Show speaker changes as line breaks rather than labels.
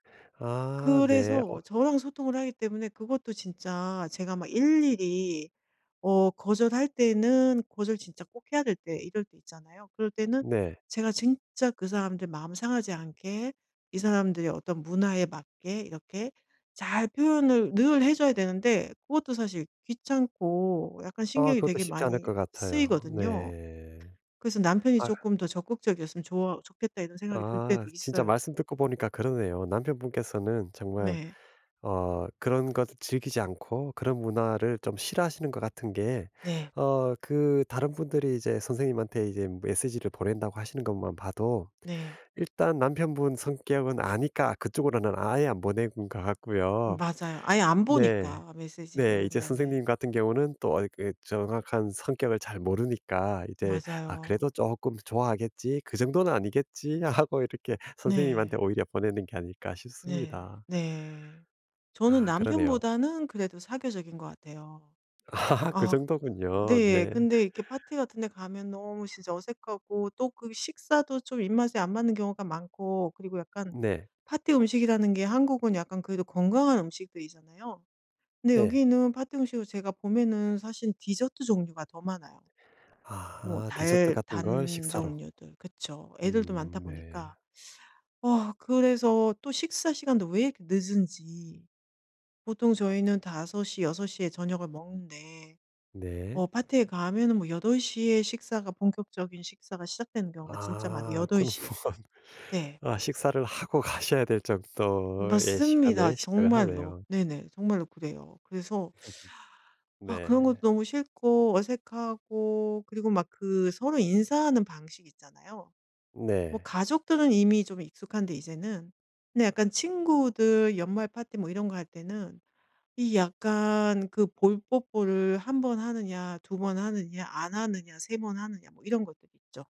아. 네.
그래서
어
저랑 소통을 하기 때문에 그것도 진짜 제가 막 일일이 어 거절할 때는 거절 진짜 꼭 해야 될 때 이럴 때 있잖아요. 그럴 때는
네.
제가 진짜 그 사람들 마음 상하지 않게 이 사람들의 어떤 문화에 맞게 이렇게 잘 표현을 늘 해 줘야 되는데 그것도 사실 귀찮고 약간
아.
신경이
그것도
되게
쉽지 않을
많이
것 같아요.
쓰이거든요.
네.
그래서 '남편이
아휴.
쪼끔 더 적극적이었으면 좋아 좋겠다.' 이런 생각이 들
아.
때도
진짜
있어요.
말씀 듣고 보니까 그러네요. 남편분께서는 정말
네.
어 그런 것 즐기지 않고 그런 문화를 좀 싫어하시는 것 같은 게
네.
어 그 다른 분들이 이제 선생님한테 이제 메시지를 보낸다고 하시는 것만 봐도
네.
일단 남편분 성격은 아니까 그쪽으로는 아예 안 보낸 것 같고요.
맞아요. 아예 안
네.
보니까
네.
메시지를.
이제
네네.
선생님 같은 경우는 또 어 이 정확한 성격을 잘 모르니까 이제 아
맞아요.
그래도 '쪼끔 좋아하겠지? 그 정도는 아니겠지?' 하고 이렇게 '선생님한테
네.
오히려 보내는 게 아닐까?'
네.
싶습니다.
네. 저는
아 그러네요.
남편보다는 그래도 사교적인 것 같아요.
아 그
아.
정도군요.
네.
네.
근데 이렇게 파티 같은 데 가면 너무 진짜 어색하고 또 그 식사도 좀 입맛에 안 맞는 경우가 많고 그리고 약간
네.
파티 음식이라는 게 한국은 약간 그래도 건강한 음식들이잖아요. 근데
네.
여기는 파티 음식을 제가 보면은 사실 디저트 종류가 더 많아요. 뭐
아. 디저트
달
같은 걸
단
식사로.
종류들. 그쵸. 애들도 많다
음. 네.
보니까. 아 그래서 또 식사 시간도 왜 이렇게 늦은지. 보통 저희는 5:00, 6:00 에 저녁을 먹는데
네.
어 파티에 가면은 뭐 8:00 에 식사가 본격적인 식사가 시작되는 경우가 진짜 많
아.
여덟
그럼
시 에
뭐
네.
아 식사를 하고 가셔야 될 정도의
맞습니다
시간에 시작을
정말로.
하네요.
네네. 정말로 그래요. 그래서 아
네.
그런 것도 너무 싫고 어색하고 그리고 막 그 서로 인사하는 방식이 있잖아요. 뭐
네.
가족들은 이미 좀 익숙한데 이제는 근데 약간 친구들 연말 파티 뭐 이런 거 할 때는 이 약간 그 볼 뽀뽀를 1 번 하느냐 2 번 하느냐 안 하느냐 3 번 하느냐 뭐 이런 것들이 있죠.